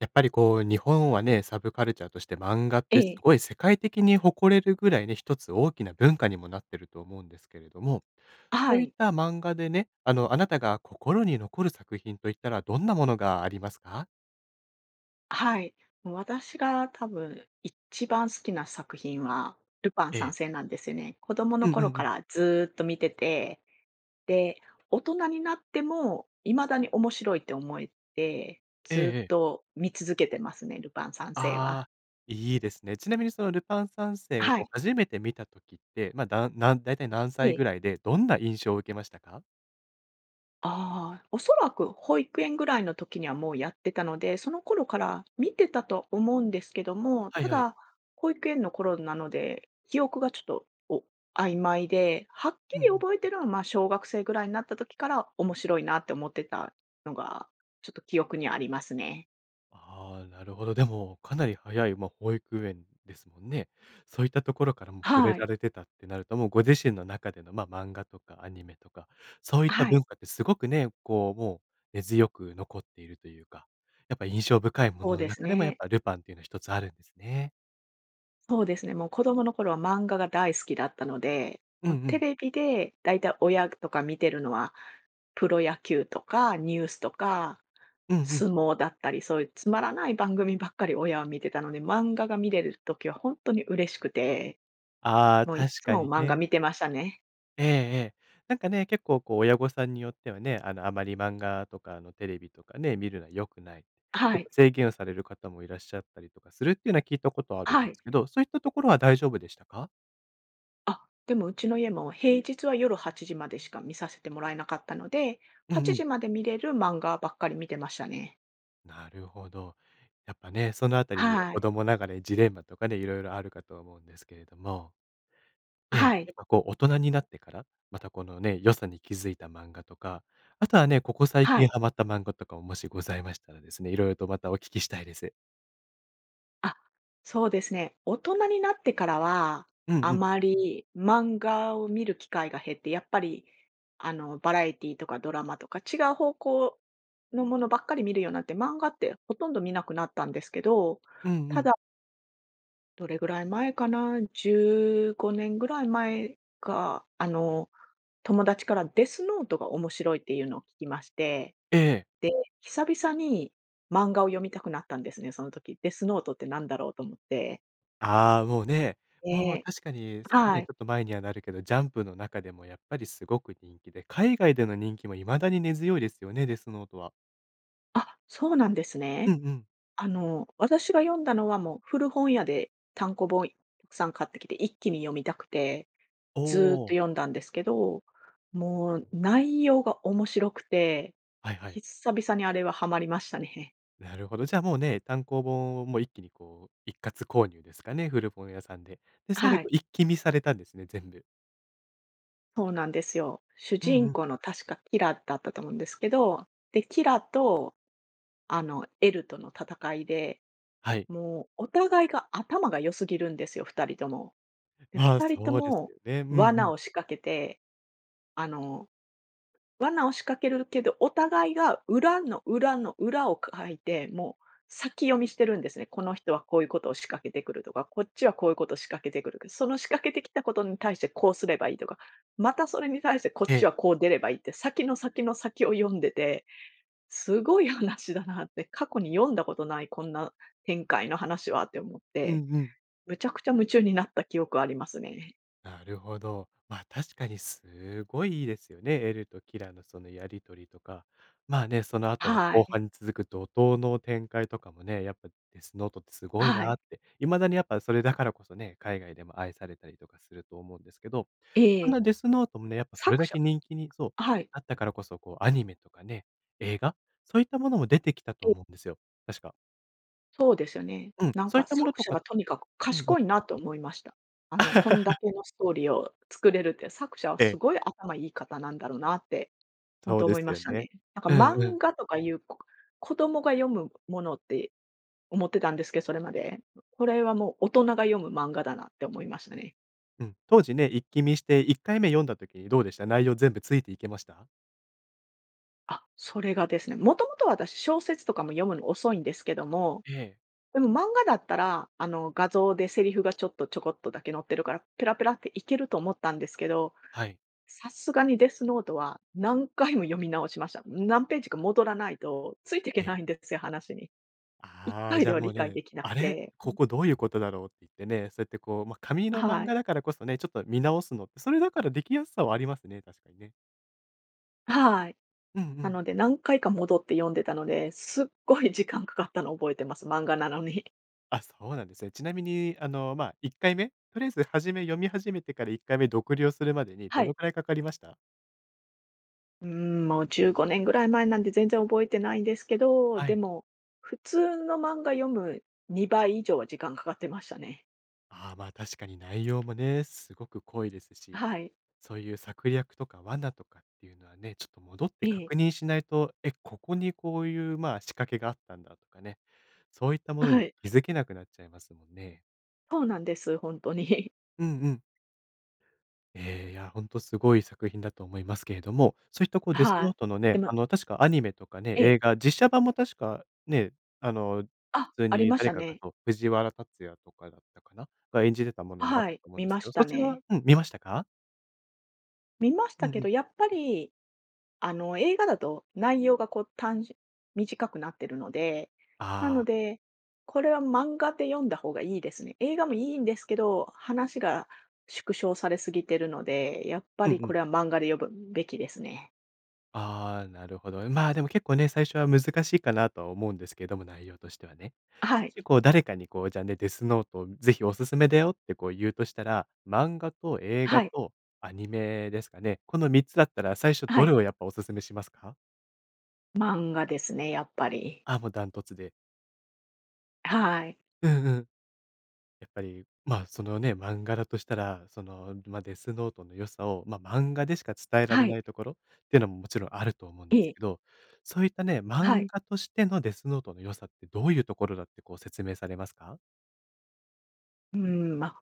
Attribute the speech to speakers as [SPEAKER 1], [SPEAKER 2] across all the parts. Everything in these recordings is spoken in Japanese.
[SPEAKER 1] やっぱりこう日本はね、サブカルチャーとして漫画っ
[SPEAKER 2] え
[SPEAKER 1] てす
[SPEAKER 2] え。
[SPEAKER 1] ごい世界的に誇れるぐらいね、1つ大きな文化にもなってると思うんですけれども、
[SPEAKER 2] あ、は
[SPEAKER 1] そういっ
[SPEAKER 2] い。
[SPEAKER 1] た漫画でね、あの、あなたが心に残る作品と言ったらどんなものがありますか？
[SPEAKER 2] はい。もう私が多分、いっちばん好きな作品は、ルパン
[SPEAKER 1] え
[SPEAKER 2] 三
[SPEAKER 1] え。
[SPEAKER 2] 世なんですよね。子供の
[SPEAKER 1] うんう
[SPEAKER 2] 頃
[SPEAKER 1] んう
[SPEAKER 2] か
[SPEAKER 1] ん。
[SPEAKER 2] らずっと見てて、で、大人になっても、未だに面白いって思えて、
[SPEAKER 1] ええ
[SPEAKER 2] ず
[SPEAKER 1] え
[SPEAKER 2] っ
[SPEAKER 1] え。
[SPEAKER 2] と見続けてますね、ルパン三世は。
[SPEAKER 1] ああ、いいですね。ちなみにそのルパン三世を
[SPEAKER 2] は
[SPEAKER 1] こう、
[SPEAKER 2] い。
[SPEAKER 1] 初めて見た時って、ま、だなんだいたい何
[SPEAKER 2] え
[SPEAKER 1] 歳ぐ
[SPEAKER 2] え。
[SPEAKER 1] らいで、どんな印象を受けましたか？
[SPEAKER 2] ああ、おそらく保育園ぐらいの時にはもうやってたので、その頃から見てたと思うんですけども、
[SPEAKER 1] は
[SPEAKER 2] た
[SPEAKER 1] いはい。
[SPEAKER 2] だ、保育園の頃なので、記憶がちょっと、お曖昧で、はっ
[SPEAKER 1] う
[SPEAKER 2] き
[SPEAKER 1] んう
[SPEAKER 2] り
[SPEAKER 1] ん。
[SPEAKER 2] 覚えてるのはまあ、小学生ぐらいになった時から、面白いなって思ってたのが、ちょっと記憶にありますね。
[SPEAKER 1] ああ、なるほど。でもかなり早い、ま、保育園ですもんね。そういったところからも触れ
[SPEAKER 2] は
[SPEAKER 1] ら
[SPEAKER 2] い。
[SPEAKER 1] れてたってなると、もうご自身の中での、ま、漫画とかアニメとか、そういっ
[SPEAKER 2] あ、
[SPEAKER 1] た
[SPEAKER 2] はい。
[SPEAKER 1] 文化ってすごくね、こう、もう、根強く残っているというか、やっぱ印象深いも
[SPEAKER 2] ほう
[SPEAKER 1] のの
[SPEAKER 2] です
[SPEAKER 1] 中でも、やっ
[SPEAKER 2] ね。
[SPEAKER 1] ぱルパンっていうのは一つあるんですね。
[SPEAKER 2] そうですね。もう子供の頃は漫画が大好きだったので、
[SPEAKER 1] うん
[SPEAKER 2] も
[SPEAKER 1] う
[SPEAKER 2] うテ
[SPEAKER 1] ん。
[SPEAKER 2] レビでだいたい親っとか見てるのは、プロ野球とかニュースとか、
[SPEAKER 1] うんうん。
[SPEAKER 2] 相撲だったり、そういうつまらない番組ばっかり親は見てたので、漫画が見てる時はほんとに嬉しくて、
[SPEAKER 1] ああ、
[SPEAKER 2] もういっ
[SPEAKER 1] 確
[SPEAKER 2] つ
[SPEAKER 1] か
[SPEAKER 2] も
[SPEAKER 1] に
[SPEAKER 2] 漫画
[SPEAKER 1] ね。
[SPEAKER 2] 見てましたね。
[SPEAKER 1] ええええ。なんかね、結構こう親御さんによってはね、あの、あまり漫画とか、あの、テレビとかね、見るのは良くないって。
[SPEAKER 2] あ、
[SPEAKER 1] ちょ
[SPEAKER 2] は
[SPEAKER 1] っと
[SPEAKER 2] い。
[SPEAKER 1] 制限をされる方もいらっしゃったりとかするっていうのは、聞いたことあるん
[SPEAKER 2] は
[SPEAKER 1] で
[SPEAKER 2] い。
[SPEAKER 1] すけど、そういったところは大丈夫でしたか？
[SPEAKER 2] あ、でも、うちの家も平日は夜8時までしか見させてもらえなかったので、
[SPEAKER 1] う
[SPEAKER 2] は
[SPEAKER 1] ん
[SPEAKER 2] ち
[SPEAKER 1] う
[SPEAKER 2] じ
[SPEAKER 1] ん。
[SPEAKER 2] まで見れる漫画ばっかり見てましたね。
[SPEAKER 1] なるほど。やっぱね、そのあたりは
[SPEAKER 2] は
[SPEAKER 1] 子
[SPEAKER 2] い。
[SPEAKER 1] 供ながらにジレンマとかね、色々あるかとは思うんですけれども。え
[SPEAKER 2] あ、は
[SPEAKER 1] え、や
[SPEAKER 2] い。
[SPEAKER 1] っぱこう大人になってから、また、このね、良さに気付いた漫画とか、あとはね、ここ最
[SPEAKER 2] は
[SPEAKER 1] 近
[SPEAKER 2] い。
[SPEAKER 1] はまった漫画とかも、もしございましたらですね、色々とまたお聞きしたいです。
[SPEAKER 2] あ、そうですね。大人になってからは、
[SPEAKER 1] うん
[SPEAKER 2] あ
[SPEAKER 1] うん。
[SPEAKER 2] まり漫画を見る機会が減って、やっぱりあの、バラエティーとかドラマとか違う方向のものばっかり見るようになって、漫画ってほとんど見なくなったんですけど、
[SPEAKER 1] うんう
[SPEAKER 2] た
[SPEAKER 1] ん。
[SPEAKER 2] だどれぐらい前かな？15年ぐらい前か、あの友達からデスノートが面白いっていうのを聞きまして、
[SPEAKER 1] ええ。
[SPEAKER 2] で、久々に漫画を読みたくなったんですね、その時。「デスノートって何だろう」と思って。
[SPEAKER 1] ああ、もうね、もう
[SPEAKER 2] で
[SPEAKER 1] 確かに
[SPEAKER 2] は
[SPEAKER 1] ね、ち
[SPEAKER 2] い。
[SPEAKER 1] ょっと前にはなるけど、ジャンプの中でもやっぱりすごく人気で、海外での人気も未だに根強いですよね、デスノートは。
[SPEAKER 2] あ、そうなんです
[SPEAKER 1] うん
[SPEAKER 2] ね。
[SPEAKER 1] うん。
[SPEAKER 2] あの、私が読んだのはもう、古本屋で単行本、さん買ってきて、一気に読みたくて、
[SPEAKER 1] お
[SPEAKER 2] ずっと
[SPEAKER 1] お。
[SPEAKER 2] 読んだんですけど、もう内容が面白くて、
[SPEAKER 1] はいはい。
[SPEAKER 2] ひっさびさにあれはハマりましたねへ。
[SPEAKER 1] なるほど。じゃあもうね、単行本をもう一気にこう、一括購入ですかね、古本屋さんで。で、
[SPEAKER 2] あ、
[SPEAKER 1] それで
[SPEAKER 2] は
[SPEAKER 1] こ
[SPEAKER 2] い。
[SPEAKER 1] う一気見されたんですね、全部。
[SPEAKER 2] そうなんですよ。主
[SPEAKER 1] うん
[SPEAKER 2] 人
[SPEAKER 1] うん。
[SPEAKER 2] 公の確かキラだったと思うんですけど、で、キラと、あの、エルとの戦いで、
[SPEAKER 1] はい。
[SPEAKER 2] もうお互いが頭が良すぎるんですよ、2人とも。で、ふ
[SPEAKER 1] まあ、
[SPEAKER 2] たりと
[SPEAKER 1] そうです
[SPEAKER 2] も
[SPEAKER 1] よね。うんう
[SPEAKER 2] 罠
[SPEAKER 1] ん。
[SPEAKER 2] を仕掛けて、あの、罠を仕掛けるけど、お互いが裏の裏の裏をかいて、もう、先読みしてるんですね。この人はこういうことを仕掛けてくるとか、こっちはこういうことを仕掛けてくるか、その仕掛けてきたことに対してこうすればいいとか、またそれに対してこっ
[SPEAKER 1] え
[SPEAKER 2] ち
[SPEAKER 1] え。
[SPEAKER 2] はこう出ればいいって、先の先の先を読んでて、すごい話だなって、過去に読んだことないこんな展開の話はって思っ
[SPEAKER 1] うん
[SPEAKER 2] て、
[SPEAKER 1] うん。
[SPEAKER 2] むちゃくちゃ夢中になった記憶ありますね。
[SPEAKER 1] なるほど。ま、確かにすごいいいですよね。エルとキラのそのやり取りとか。まあね、その後の
[SPEAKER 2] は
[SPEAKER 1] 後
[SPEAKER 2] い。
[SPEAKER 1] 半に続く怒涛の展開とかもね、やっぱデスノートってすごい
[SPEAKER 2] は
[SPEAKER 1] な
[SPEAKER 2] い。
[SPEAKER 1] って、未だにやっぱそれだからこそね、海外でも愛されたりとかすると思うんですけど、
[SPEAKER 2] え
[SPEAKER 1] そん
[SPEAKER 2] え。
[SPEAKER 1] なデスノートもね、やっぱそれ
[SPEAKER 2] 作
[SPEAKER 1] だ
[SPEAKER 2] 者
[SPEAKER 1] け人気にそう
[SPEAKER 2] はい。
[SPEAKER 1] なったからこそ、こうアニメとかね、映画、そういったものも出てきたと
[SPEAKER 2] [unintelligible]
[SPEAKER 1] 思うんですよ、確か。
[SPEAKER 2] そうですよね。
[SPEAKER 1] うん、
[SPEAKER 2] なん
[SPEAKER 1] そういっ
[SPEAKER 2] か
[SPEAKER 1] たもの
[SPEAKER 2] 作
[SPEAKER 1] と
[SPEAKER 2] 者
[SPEAKER 1] か
[SPEAKER 2] がとにかく
[SPEAKER 1] うんうん。
[SPEAKER 2] 賢いなと思いました。あのこんだ けのストーリーを作れるって、作者は
[SPEAKER 1] え
[SPEAKER 2] す
[SPEAKER 1] え。
[SPEAKER 2] ごい頭いい方なんだろうなってほん
[SPEAKER 1] そ
[SPEAKER 2] と
[SPEAKER 1] うで
[SPEAKER 2] 思い
[SPEAKER 1] す
[SPEAKER 2] ま
[SPEAKER 1] よ
[SPEAKER 2] した
[SPEAKER 1] ね。
[SPEAKER 2] ね。なんか
[SPEAKER 1] うんう
[SPEAKER 2] 漫
[SPEAKER 1] ん。
[SPEAKER 2] 画とかいうこ子供が読むものって思ってたんですけ、それまで。これはもう大人が読む漫画だなって思いましたね。
[SPEAKER 1] うん、当時ね、一気見して、1回目読んだ時どうでした？内容全部ついていけました？
[SPEAKER 2] あ、それがですね、もともと私、小説とかも読むの遅いんですけども。
[SPEAKER 1] ええ。
[SPEAKER 2] でも漫画だったらあの、画像でセリフがちょっと、ちょこっとだけ載ってるから、ペラペラっていけると思ったんですけど、
[SPEAKER 1] はい。
[SPEAKER 2] さすがにデスノートは何回も読み直しました。何ページか戻らないと、ついていけ
[SPEAKER 1] ええ。
[SPEAKER 2] ないんですよ、話に。いっ
[SPEAKER 1] あ
[SPEAKER 2] か
[SPEAKER 1] あ、
[SPEAKER 2] い
[SPEAKER 1] じゃ
[SPEAKER 2] で
[SPEAKER 1] あ
[SPEAKER 2] は
[SPEAKER 1] もう
[SPEAKER 2] 理解
[SPEAKER 1] ね、
[SPEAKER 2] できな
[SPEAKER 1] あ
[SPEAKER 2] く
[SPEAKER 1] れ、
[SPEAKER 2] て。
[SPEAKER 1] ここどういうことだろうっていってね、そうやってこう、ま、紙の
[SPEAKER 2] あ、
[SPEAKER 1] 漫
[SPEAKER 2] は
[SPEAKER 1] 画
[SPEAKER 2] い。
[SPEAKER 1] だからこそね、ちょっと見直すのって、それだからできやすさはありますね、確かにね。
[SPEAKER 2] あ、はい。
[SPEAKER 1] うんう
[SPEAKER 2] な
[SPEAKER 1] ん。
[SPEAKER 2] ので何回か戻って読んでたので、すっごい時間掛かったの覚えてます、漫画なのに。
[SPEAKER 1] あ、そうなんですね。ちなみに、あの、まあ、1回目、とりあえず初め、読み始めてから1回目読了するまでに
[SPEAKER 2] は
[SPEAKER 1] ど
[SPEAKER 2] い。
[SPEAKER 1] のくらいかかりました？
[SPEAKER 2] うーん、もう15年ぐらい前なんで全然覚えてないんですけど、
[SPEAKER 1] は
[SPEAKER 2] で
[SPEAKER 1] い。
[SPEAKER 2] も、普通の漫画読む2倍以上は時間かかってましたね。
[SPEAKER 1] ああ、ま、確かに内容もね、すごく濃いです
[SPEAKER 2] あ、
[SPEAKER 1] し、
[SPEAKER 2] はい。
[SPEAKER 1] そういう策略とか罠とかっていうのはね、ちょっと戻って
[SPEAKER 2] ええ。
[SPEAKER 1] 確認しないと、「え、ここにこういうまあ、仕掛けがあったんだ」とかね、そういったも
[SPEAKER 2] あ、
[SPEAKER 1] の
[SPEAKER 2] は
[SPEAKER 1] に
[SPEAKER 2] い。
[SPEAKER 1] 気づけなくなっちゃいますもんね。
[SPEAKER 2] そうなんです、ほんとにひ。
[SPEAKER 1] うんうん。ええ、いや、ほんとすごい作品だと思いますけれども、そういったこう
[SPEAKER 2] あ
[SPEAKER 1] デスノー
[SPEAKER 2] は、
[SPEAKER 1] トの
[SPEAKER 2] で
[SPEAKER 1] ね、
[SPEAKER 2] も
[SPEAKER 1] あの確かアニメとかね、
[SPEAKER 2] え
[SPEAKER 1] 映
[SPEAKER 2] え。
[SPEAKER 1] 画、実写版も確かね、あの、普
[SPEAKER 2] あ、
[SPEAKER 1] 通
[SPEAKER 2] あり
[SPEAKER 1] に
[SPEAKER 2] まし
[SPEAKER 1] 誰
[SPEAKER 2] た
[SPEAKER 1] かが
[SPEAKER 2] ね。
[SPEAKER 1] と藤原竜也とかだったかな、が演じてたも
[SPEAKER 2] あ、
[SPEAKER 1] のもあっ
[SPEAKER 2] は
[SPEAKER 1] た
[SPEAKER 2] い。
[SPEAKER 1] と思うん
[SPEAKER 2] 見
[SPEAKER 1] です
[SPEAKER 2] ま
[SPEAKER 1] け
[SPEAKER 2] し
[SPEAKER 1] ど、
[SPEAKER 2] た
[SPEAKER 1] そちらは
[SPEAKER 2] ね。
[SPEAKER 1] うん、見ましたか？
[SPEAKER 2] 見まし
[SPEAKER 1] う
[SPEAKER 2] た
[SPEAKER 1] ん
[SPEAKER 2] け
[SPEAKER 1] う
[SPEAKER 2] ど、
[SPEAKER 1] ん。
[SPEAKER 2] やっぱり、あの、映画だと内容がこう単純短くなってるので、な
[SPEAKER 1] あ
[SPEAKER 2] の
[SPEAKER 1] あ。
[SPEAKER 2] で、これは漫画で読んだ方がいいですね。映画もいいんですけど、話が縮小されすぎてるので、やっぱ
[SPEAKER 1] うんう
[SPEAKER 2] りこ
[SPEAKER 1] ん。
[SPEAKER 2] れは漫画で読むべきですね。
[SPEAKER 1] ああ、なるほど。まあ、でも結構ね、最初は難しいかなとは思うんですけども、内容としてはね。
[SPEAKER 2] あ、はい。
[SPEAKER 1] 結構、誰かにこうじゃね、デスノートを是非お勧めだよってこう言うとしたら、漫画と映
[SPEAKER 2] は
[SPEAKER 1] 画
[SPEAKER 2] い。
[SPEAKER 1] とアニメですかね。この3つだったら最初
[SPEAKER 2] は
[SPEAKER 1] どれ
[SPEAKER 2] い。
[SPEAKER 1] をやっぱお勧めしますか？
[SPEAKER 2] 漫画ですね、やっぱり。
[SPEAKER 1] あ、もうダントツで。
[SPEAKER 2] はい。
[SPEAKER 1] うんうん。やっぱり、まあ、そのね、漫画だとしたら、その、ま、デスノートの良さを、ま、漫画でしか伝えら
[SPEAKER 2] は
[SPEAKER 1] れ
[SPEAKER 2] い。
[SPEAKER 1] ないところっていうのももちろんあると思うんで
[SPEAKER 2] え
[SPEAKER 1] す
[SPEAKER 2] え。
[SPEAKER 1] けど、そういったね、
[SPEAKER 2] はい。
[SPEAKER 1] 漫画としてのデスノートの良さってどういうところだってこう説明されますか？
[SPEAKER 2] うーん、ま、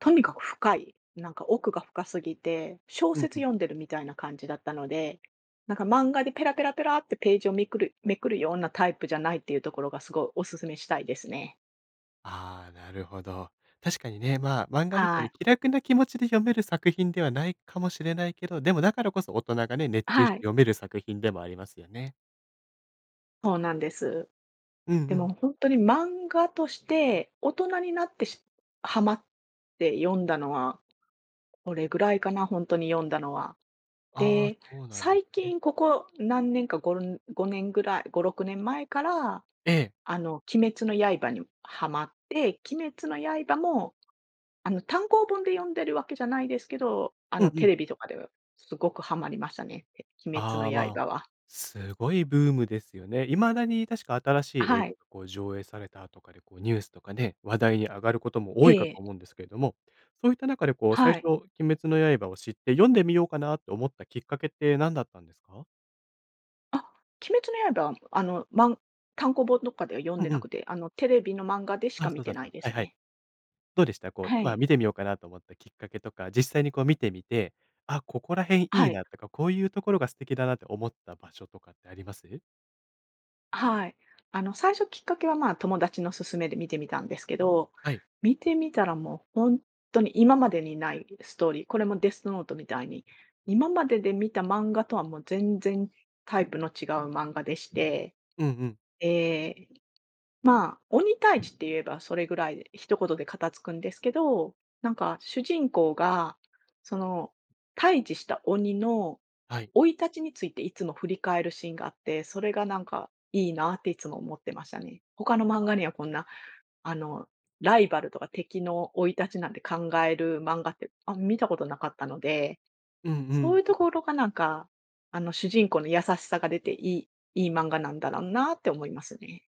[SPEAKER 2] とにかく深い、なんか奥が深すぎて、小
[SPEAKER 1] うん
[SPEAKER 2] 説
[SPEAKER 1] うん。
[SPEAKER 2] 読んでるみたいな感じだったので、なんか漫画でペラペラペラってページをめくるめくるようなタイプじゃないっていうところがすごいお勧めしたいですね。
[SPEAKER 1] ああ、なるほど。確かにね、ま、漫画みたい
[SPEAKER 2] は
[SPEAKER 1] に
[SPEAKER 2] い。
[SPEAKER 1] 気楽な気持ちで読める作品ではないかもしれないけど、でもだからこそ大人がね、熱
[SPEAKER 2] あ、
[SPEAKER 1] 中し
[SPEAKER 2] は
[SPEAKER 1] て
[SPEAKER 2] い。
[SPEAKER 1] 読める作品でもありますよね。
[SPEAKER 2] そうなんです。
[SPEAKER 1] うん
[SPEAKER 2] で
[SPEAKER 1] うん。
[SPEAKER 2] もほんとに、漫画として、大人になって、しハマって読んだのは、これぐらいかな、ほんとに読んだのは。
[SPEAKER 1] ああ、
[SPEAKER 2] で、
[SPEAKER 1] そうなんで
[SPEAKER 2] 最
[SPEAKER 1] すね。
[SPEAKER 2] 近、ここ何年か、ごん5年ぐらい、5、6年前から、
[SPEAKER 1] ええ。
[SPEAKER 2] あの、鬼滅の刃にハマって。鬼滅の刃も、あの、単行本で読んでるわけじゃないですけど、あ
[SPEAKER 1] うん
[SPEAKER 2] の、
[SPEAKER 1] う
[SPEAKER 2] テ
[SPEAKER 1] ん。
[SPEAKER 2] レビとかでは、すごくハマりましたね。て鬼滅の
[SPEAKER 1] ああ、まあ、
[SPEAKER 2] 刃は。
[SPEAKER 1] すごいブームですよね。未だに、確か、新しい
[SPEAKER 2] あ、
[SPEAKER 1] 映
[SPEAKER 2] はい。
[SPEAKER 1] 画が、こう、上映されたとかで、こう、ニュースとかね、話題に上がることも、
[SPEAKER 2] え
[SPEAKER 1] 多いかと
[SPEAKER 2] え。
[SPEAKER 1] 思うんですけれども。そういった中で、こう、最
[SPEAKER 2] はい。
[SPEAKER 1] 初、鬼滅の刃を知って、読んでみようかな、と思ったきっかけって、何だったんですか？
[SPEAKER 2] あ、鬼滅の刃はあの、まん単行本どっかでは読ん
[SPEAKER 1] う
[SPEAKER 2] で
[SPEAKER 1] んう
[SPEAKER 2] な
[SPEAKER 1] ん。
[SPEAKER 2] くて、あの、テレビの漫画でしか
[SPEAKER 1] あ、
[SPEAKER 2] 観
[SPEAKER 1] そう
[SPEAKER 2] て
[SPEAKER 1] だっ
[SPEAKER 2] な
[SPEAKER 1] た
[SPEAKER 2] いで
[SPEAKER 1] はい
[SPEAKER 2] す
[SPEAKER 1] はい。
[SPEAKER 2] ね。
[SPEAKER 1] どうでした？こう、
[SPEAKER 2] は
[SPEAKER 1] まあ、
[SPEAKER 2] い。
[SPEAKER 1] 観てみようかなと思ったきっかけとか、実際にこう、観てみて、あ、ここら辺い
[SPEAKER 2] は
[SPEAKER 1] い
[SPEAKER 2] い。
[SPEAKER 1] なとか、こういうところが素敵だなって思った場所とかってあります？
[SPEAKER 2] あ、はい。あの最初きっかけは、まあ、友達の勧めで見てみたんですけど、
[SPEAKER 1] はい。
[SPEAKER 2] 見てみたら、もうほんとに今までにないストーリー、これもデスノートみたいに、今までで見た漫画とはもう、全然タイプの違う漫画でして、
[SPEAKER 1] うんうん。
[SPEAKER 2] ええ、まあ、鬼退治って言えばそれぐらいで、一言で片付くんですけど、なんか主人公が、その、退治した鬼の
[SPEAKER 1] はい。
[SPEAKER 2] 生い立ちについていつも振り返るシーンがあって、それがなんか、いいなっていつも思ってましたね。他の漫
[SPEAKER 1] あ
[SPEAKER 2] 画には
[SPEAKER 1] あ。
[SPEAKER 2] こんな、あの、ライバルとか敵の生い立ちなんて考える漫画って、あん見たことなかったので、
[SPEAKER 1] うんう
[SPEAKER 2] そうい
[SPEAKER 1] ん。
[SPEAKER 2] うところがなんか、あの主人公の優しさが出ていいいい漫画なんだらんなって思いますね。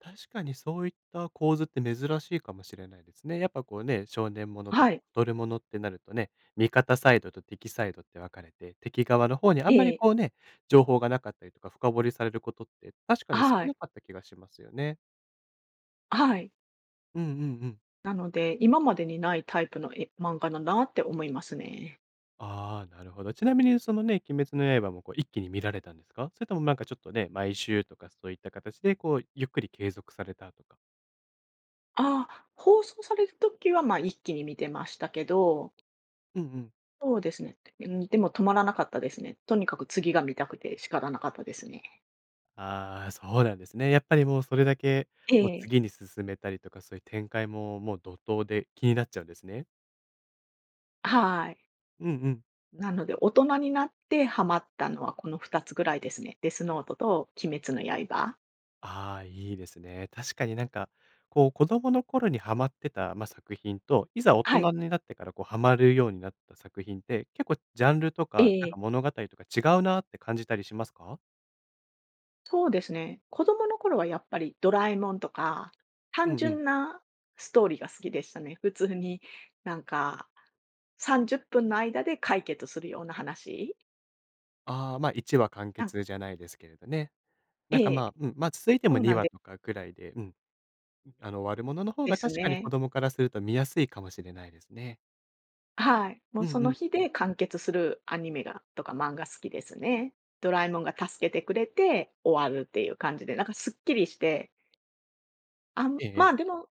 [SPEAKER 1] 確かにそういった構図って珍しいかもしれないですね。やっぱこうね、少年もの
[SPEAKER 2] あ、
[SPEAKER 1] と
[SPEAKER 2] は
[SPEAKER 1] かバ
[SPEAKER 2] い。
[SPEAKER 1] トルものってなるとね、味方サイドと敵サイドって分かれて、敵側の方にあんま
[SPEAKER 2] え
[SPEAKER 1] り
[SPEAKER 2] え。
[SPEAKER 1] こうね、情報がなかったりとか、深掘りされることって、確か
[SPEAKER 2] あ、
[SPEAKER 1] に少
[SPEAKER 2] はい。
[SPEAKER 1] なかった気がしますよね。
[SPEAKER 2] あ、はい。
[SPEAKER 1] うんうんうん。
[SPEAKER 2] なので、今までにないタイプのえ漫画だなって思いますね。
[SPEAKER 1] ああ、なるほど。ちなみにそのね、鬼滅の刃もこう一気に観られたんですか？それともなんかちょっとね、毎週とかそういった形でこう、ゆっくり継続されたとか。
[SPEAKER 2] あ、放送される時は、ま、一気に観てましたけど。
[SPEAKER 1] うんうん。
[SPEAKER 2] そうですね。にでも止まらなかったですね。とにかく次が観たくて仕方なかったですね。
[SPEAKER 1] ああ、そうなんですね。やっぱりもうそれだけ、
[SPEAKER 2] え
[SPEAKER 1] もう
[SPEAKER 2] え。
[SPEAKER 1] 次に進めたりとか、そういう展開ももう、怒涛で気になっちゃうんですね。
[SPEAKER 2] あ、はい。
[SPEAKER 1] うんうん。
[SPEAKER 2] なので、大人になってはまったのはこの2つぐらいですね。デスノートと鬼滅の刃。
[SPEAKER 1] ああ、いいですね。確かになんか、こう子供の頃にはまってた、ま、作品と、いざ大人
[SPEAKER 2] はい。
[SPEAKER 1] になってからこう、はまるようになった作品って、結構ジャンルと
[SPEAKER 2] え
[SPEAKER 1] かなんか
[SPEAKER 2] え。
[SPEAKER 1] 物語とか違うなって感じたりしますか？
[SPEAKER 2] そうですね。子供の頃はやっぱりドラえもんとか、
[SPEAKER 1] うん
[SPEAKER 2] 単
[SPEAKER 1] うん。
[SPEAKER 2] 純なストーリーが好きでしたね。普通になんか30分の間で解決するような話。
[SPEAKER 1] あ、ま、1話完
[SPEAKER 2] うん。
[SPEAKER 1] 結じゃないですけれどね。
[SPEAKER 2] え
[SPEAKER 1] なんか、
[SPEAKER 2] え、
[SPEAKER 1] ま、うん、ま、続いて
[SPEAKER 2] そ
[SPEAKER 1] も
[SPEAKER 2] う
[SPEAKER 1] に
[SPEAKER 2] なん
[SPEAKER 1] わ
[SPEAKER 2] で
[SPEAKER 1] とかくらいで、うん、あの、終わるものの方
[SPEAKER 2] で
[SPEAKER 1] が
[SPEAKER 2] す
[SPEAKER 1] 確かに子
[SPEAKER 2] ね。
[SPEAKER 1] 供からすると見やすいかもしれないですね。
[SPEAKER 2] あ、はい、も
[SPEAKER 1] う
[SPEAKER 2] うそ
[SPEAKER 1] んう
[SPEAKER 2] の
[SPEAKER 1] ん。
[SPEAKER 2] 日で完結するアニメがとか漫画好きですね。ドラえもんが助けてくれて終わるっていう感じで、なんかすっきりしてあん、
[SPEAKER 1] えええ
[SPEAKER 2] ま
[SPEAKER 1] え。
[SPEAKER 2] あ、でも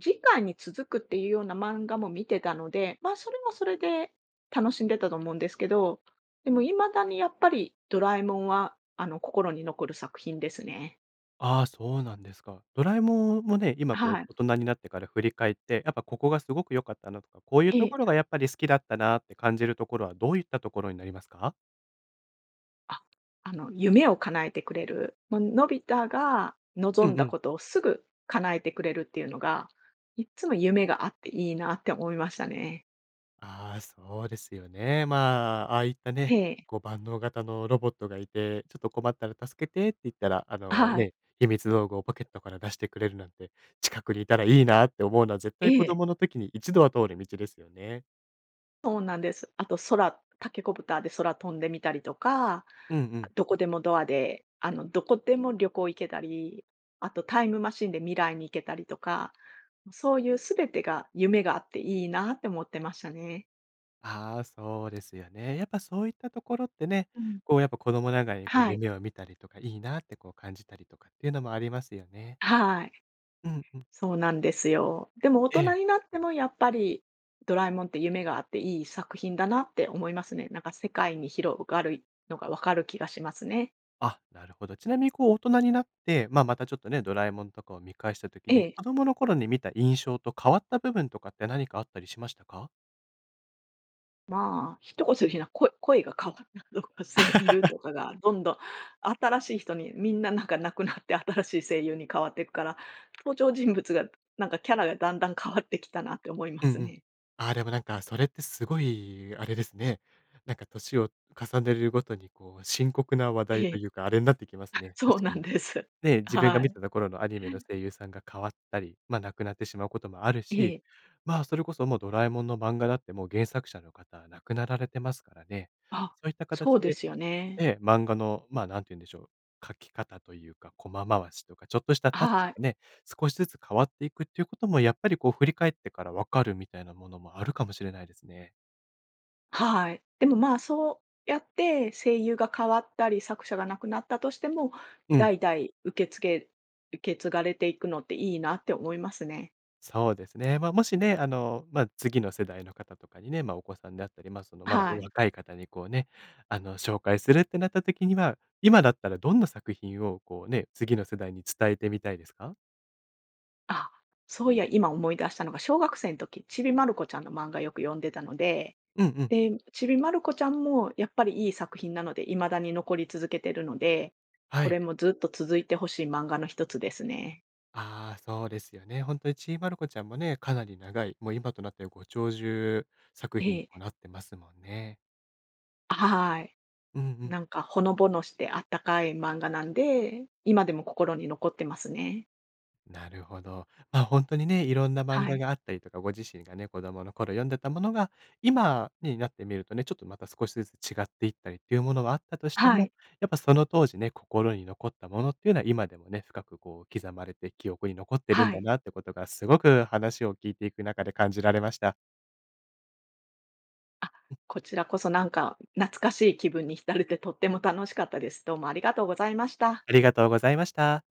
[SPEAKER 2] 次回に続くっていうような漫画も見てたので、ま、それもそれで楽しんでたと思うんですけど、でも未だにやっぱりドラえもんはあの、心に残る作品ですね。
[SPEAKER 1] ああ、そうなんですか。ドラえもんもね、今
[SPEAKER 2] あ、
[SPEAKER 1] こう
[SPEAKER 2] はい。
[SPEAKER 1] 大人になってから振り返って、やっぱここがすごく良かったなとか、こういうと
[SPEAKER 2] え
[SPEAKER 1] ころ
[SPEAKER 2] え。
[SPEAKER 1] がやっぱり好きだったなって感じるところは、どういったところになりますか？
[SPEAKER 2] あ、あの、夢を叶えてくれる。ま、のび太が
[SPEAKER 1] う
[SPEAKER 2] 望ん
[SPEAKER 1] んう
[SPEAKER 2] だ
[SPEAKER 1] ん。
[SPEAKER 2] ことをすぐ、叶えてくれるっていうのが、いっつも夢があっていいなって思いましたね。
[SPEAKER 1] あ、そうですよね。まあ、ああいった
[SPEAKER 2] へ
[SPEAKER 1] ね、
[SPEAKER 2] え。
[SPEAKER 1] こう万能型のロボットがいて、ちょっと困ったら「助けて」って言ったら、あ
[SPEAKER 2] あ、
[SPEAKER 1] の、
[SPEAKER 2] はい。
[SPEAKER 1] ね、秘密道具をポケットから出してくれるなんて、近くにいたらいいなって思うのは絶
[SPEAKER 2] え
[SPEAKER 1] 対子
[SPEAKER 2] え。
[SPEAKER 1] 供の時に一度は通る道ですよね。
[SPEAKER 2] そうなんです。あと空タケコプターで空飛んでみたりとか。
[SPEAKER 1] うんう
[SPEAKER 2] あ、
[SPEAKER 1] ん。
[SPEAKER 2] どこでもドアで、あの、どこでも旅行、行けたり。あとタイムマシンで未来に行けたりとか、そういうすべてが夢があっていいなって思ってましたね。
[SPEAKER 1] ああ、そうですよね。やっぱそういったところってね、
[SPEAKER 2] うん。
[SPEAKER 1] こうやっぱ子供ながらに、こう
[SPEAKER 2] はい。
[SPEAKER 1] 夢を見たりとかいいなってこう、感じたりとかっていうのもありますよね。
[SPEAKER 2] はい。
[SPEAKER 1] うんうん。
[SPEAKER 2] そうなんですよ。でも大
[SPEAKER 1] え
[SPEAKER 2] 人
[SPEAKER 1] え。
[SPEAKER 2] になっても、やっぱり、ドラえもんって夢があっていい作品だなって思いますね。なんか世界に広がるのが、分かる気がしますね。
[SPEAKER 1] あ、なるほど。ちなみにこう、大人になって、ま、またちょっとね、ドラえもんとかを観返した時
[SPEAKER 2] え
[SPEAKER 1] に、
[SPEAKER 2] え。
[SPEAKER 1] 子供の頃に観た印象と変わった部分とかって何かあったりしましたか？
[SPEAKER 2] まあ、一言で言うなら、声声が変わったとか。声優 とかがどんどん新しい人に。みんな、なんか亡くなって、新しい声優に変わってくから、登場人物が、なんかキャラが、だんだん変わってきたなって思いま
[SPEAKER 1] うん
[SPEAKER 2] す
[SPEAKER 1] うん。
[SPEAKER 2] ね。
[SPEAKER 1] ああ、でもなんかそれって、すごい、あれですね。なんか年を重ねるごとにこう、深刻な話
[SPEAKER 2] え
[SPEAKER 1] 題と
[SPEAKER 2] え。
[SPEAKER 1] いうか、あれになってきます
[SPEAKER 2] あ、
[SPEAKER 1] ね。
[SPEAKER 2] そう
[SPEAKER 1] 確か
[SPEAKER 2] なん
[SPEAKER 1] に。
[SPEAKER 2] です。
[SPEAKER 1] ね、自分が
[SPEAKER 2] は
[SPEAKER 1] 観
[SPEAKER 2] い。
[SPEAKER 1] てた頃のアニメの声優さんが変わったり、ま、亡くなってしまうこともある
[SPEAKER 2] え
[SPEAKER 1] し。
[SPEAKER 2] え。
[SPEAKER 1] まあ、それこそもうドラえもんの漫画だって、もう、原作者の方は亡くなられてますからね。
[SPEAKER 2] あ、
[SPEAKER 1] そういった形
[SPEAKER 2] そうで
[SPEAKER 1] で
[SPEAKER 2] すよね。
[SPEAKER 1] ええ、漫画の、まあ、何て言うんでしょう、書き方というか、コマ回しとか、ちょっとした
[SPEAKER 2] あ、
[SPEAKER 1] タッ
[SPEAKER 2] は
[SPEAKER 1] チが
[SPEAKER 2] い。
[SPEAKER 1] ね、少しずつ変わっていくっていうこともやっぱりこう振り返ってから分かる、みたいなものもあるかもしれないですね。
[SPEAKER 2] はい。でもまあ、そうやって、声優が変わったり、作者が亡くなったとしても、
[SPEAKER 1] うん。
[SPEAKER 2] 代々受けつけ受け継がれていくのっていいなって思いますね。
[SPEAKER 1] そうですね。ま、もしね、あの、ま、次の世代の方とかにね、ま、お子さんであったり、ま、そのまだお
[SPEAKER 2] はい。
[SPEAKER 1] 若い方にこうね、あの、紹介するってなった時には、今だったらどんな作品をこう、ね、次の世代に伝えてみたいですか？
[SPEAKER 2] あ、そういや、今思い出したのが小学生ん時、ちびまる子ちゃんの漫画よく読んでたので。
[SPEAKER 1] うんうん。
[SPEAKER 2] で、ちびまる子ちゃんもやっぱり、いい作品なので未だに残り続けてるので、
[SPEAKER 1] は
[SPEAKER 2] こ
[SPEAKER 1] い。
[SPEAKER 2] れもずっと続いて欲しい漫画の1つですね。
[SPEAKER 1] ああ、そうですよね。ほんとにちびまる子ちゃんもね、かなり長い、もう今となっては、ご長寿作品
[SPEAKER 2] え
[SPEAKER 1] に
[SPEAKER 2] え。
[SPEAKER 1] もなってますもんね。
[SPEAKER 2] あ、ははい。
[SPEAKER 1] うんうん。
[SPEAKER 2] なんか、ほのぼのしてあったかい漫画なんで、今でも心に残ってますね。
[SPEAKER 1] なるほど。ま、ほんとにね、色んな漫
[SPEAKER 2] は
[SPEAKER 1] 画
[SPEAKER 2] い。
[SPEAKER 1] があったりとか、ご自身がね、子供の頃読んでたものが、今になってみるとね、ちょっとまた、少しずつ違っていったりっていうものがあったとして
[SPEAKER 2] は
[SPEAKER 1] も、
[SPEAKER 2] い。
[SPEAKER 1] やっぱその当時ね、心に残ったものっていうのは今でもね、深くこう、刻まれて記憶に残ってるん
[SPEAKER 2] は
[SPEAKER 1] だ
[SPEAKER 2] い。
[SPEAKER 1] なってことがすごく話を聞いていく中で感じられました。
[SPEAKER 2] あ、
[SPEAKER 1] うん。
[SPEAKER 2] こちらこそなんか、懐かしい気分に浸れて、とっても楽しかったです。どうもありがとうございました。
[SPEAKER 1] ありがとうございました。